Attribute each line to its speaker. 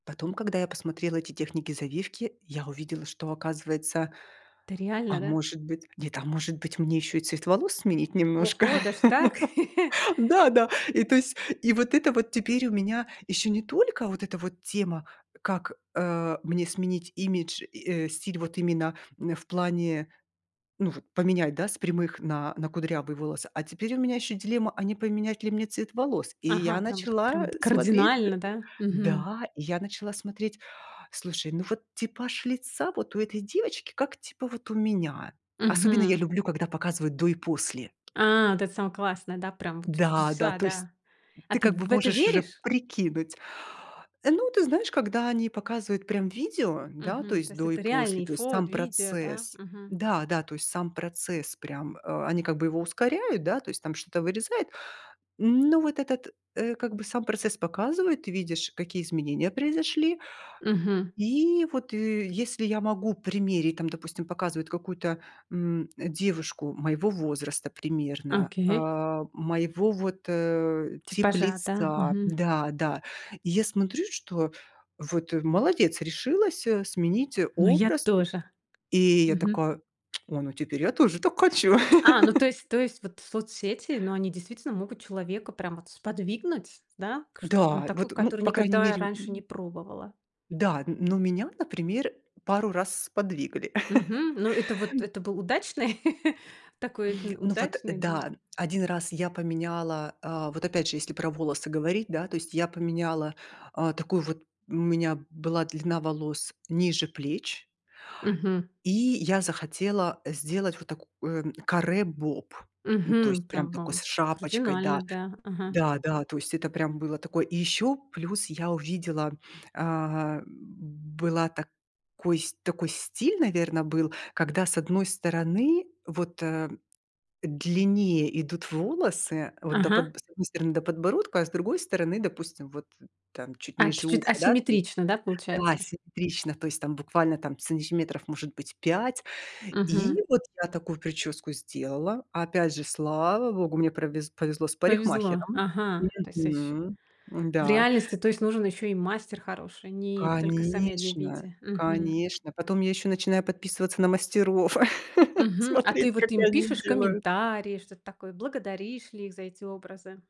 Speaker 1: Потом, когда я посмотрела эти техники завивки, я увидела, что, оказывается,
Speaker 2: Это реально,
Speaker 1: а
Speaker 2: да?
Speaker 1: может быть, нет, а может быть, мне ещё и цвет волос сменить немножко.
Speaker 2: Охо, даже так!
Speaker 1: Да-да. И, то есть, и вот это вот теперь у меня ещё не только вот эта вот тема, как, э, мне сменить имидж и, э, стиль вот именно н в плане, ну вот, поменять, да, с прямых на на кудрявые волосы, а теперь у меня ещё дилемма, а не поменять ли мне цвет волос, и
Speaker 2: Ага,
Speaker 1: я
Speaker 2: прям вот прям
Speaker 1: начала,
Speaker 2: вот,
Speaker 1: э, смотреть, э
Speaker 2: кардинально, да? Мгм.
Speaker 1: Да, и я начала смотреть, слушай, ну вот, типаж лица вот у этой девочки как, типа, вот у меня. Особенно я
Speaker 2: Мгм.
Speaker 1: люблю когда показывают до и после.
Speaker 2: А, вот это самое классное, да? Прям, вот,
Speaker 1: Да, да,
Speaker 2: чудеса,
Speaker 1: то есть,
Speaker 2: да. А
Speaker 1: ты,
Speaker 2: ты
Speaker 1: как бы,
Speaker 2: в это
Speaker 1: можешь уже
Speaker 2: веришь?
Speaker 1: прикинуть. Ну, ты знаешь, когда они показывают, прям, видео, да, то
Speaker 2: Мгм. То
Speaker 1: есть,
Speaker 2: есть,
Speaker 1: до и
Speaker 2: это
Speaker 1: после,
Speaker 2: реальные
Speaker 1: то есть,
Speaker 2: фот
Speaker 1: сам
Speaker 2: видео, да?
Speaker 1: процесс,
Speaker 2: Мгм.
Speaker 1: да-да, то есть, сам процесс прям, э, они, как бы, его ускоряют, да, то есть, там что-то вырезает, ну вот, этот, э, как бы, сам процесс показывает, ты видишь, какие изменения произошли.
Speaker 2: Мгм.
Speaker 1: И, вот, и если я могу примерить, там, допустим, показывают какую-то, м, девушку моего возраста, примерно,
Speaker 2: Окей.
Speaker 1: а, моего, вот, э, тип
Speaker 2: Типажа, да?
Speaker 1: лица
Speaker 2: Мгм.
Speaker 1: да, да, я смотрю, что, вот, э, молодец, решилась, э, сменить
Speaker 2: Ну я
Speaker 1: образ, э
Speaker 2: тоже.
Speaker 1: И я
Speaker 2: Мгм.
Speaker 1: такая, ой, ну, теперь я тоже так хочу.
Speaker 2: А, ну, то есть то есть, вот, соцсети, ну, они, действительно, могут человека прям, вот, сподвигнуть, да, к что-то, ну,
Speaker 1: Да,
Speaker 2: такое,
Speaker 1: вот, ну,
Speaker 2: которое
Speaker 1: по крайней
Speaker 2: никогда я
Speaker 1: мере,
Speaker 2: раньше не
Speaker 1: м
Speaker 2: пробовала.
Speaker 1: Да, н ну меня, например, пару раз сподвигли,
Speaker 2: Мгм.
Speaker 1: тум
Speaker 2: Ну, это вот, это был удачный, такой утн
Speaker 1: Ну вот,
Speaker 2: удачный движ
Speaker 1: да, 1 раз я поменяла, а, вот, опять же, если про волосы говорить, да, то есть, я поменяла, а, такую вот, у меня была длина волос ниже плеч,
Speaker 2: Мгм.
Speaker 1: и я захотела сделать вот такое, м, каре-боб, ну, то
Speaker 2: Мгм.
Speaker 1: есть, прям
Speaker 2: Прям
Speaker 1: такое
Speaker 2: бом.
Speaker 1: с шапочкой,
Speaker 2: Кардинально,
Speaker 1: даже.
Speaker 2: да, ага.
Speaker 1: Да-да, то есть, это, прям, было такое. И ещё плюс я увидела, а, была так кой такой стиль, наверно, был, когда с 1 стороны, вот, э, длиннее идут волосы, вот, до
Speaker 2: Ага.
Speaker 1: подбо с 1 стороны до подбородка, а с другой стороны, допустим, вот, там чуть
Speaker 2: А,
Speaker 1: ниже
Speaker 2: чуть-чуть
Speaker 1: уха, да, то есть,
Speaker 2: асимметрично, да,
Speaker 1: да,
Speaker 2: получается?
Speaker 1: симметрично, то есть, там буквально, там, сантиметров может быть 5
Speaker 2: Мгм.
Speaker 1: и, вот, я такую причёску сделала, опять же, слава богу, мне провез повезло с
Speaker 2: Повезло,
Speaker 1: парикмахером,
Speaker 2: ага, то есть, с эщ
Speaker 1: мгм,
Speaker 2: в
Speaker 1: м-да.
Speaker 2: реальности, то есть, нужен ещё и мастер хороший, ни только сами одни
Speaker 1: Конечно.
Speaker 2: виде мгм.
Speaker 1: Конечно, потом я ещё начинаю подписываться на мастеров,
Speaker 2: Мгм. А
Speaker 1: смотреть,
Speaker 2: ты,
Speaker 1: как
Speaker 2: вот, им
Speaker 1: они
Speaker 2: пишешь
Speaker 1: делают.
Speaker 2: комментарии, что-то такое? Благодаришь ли их за эти образы?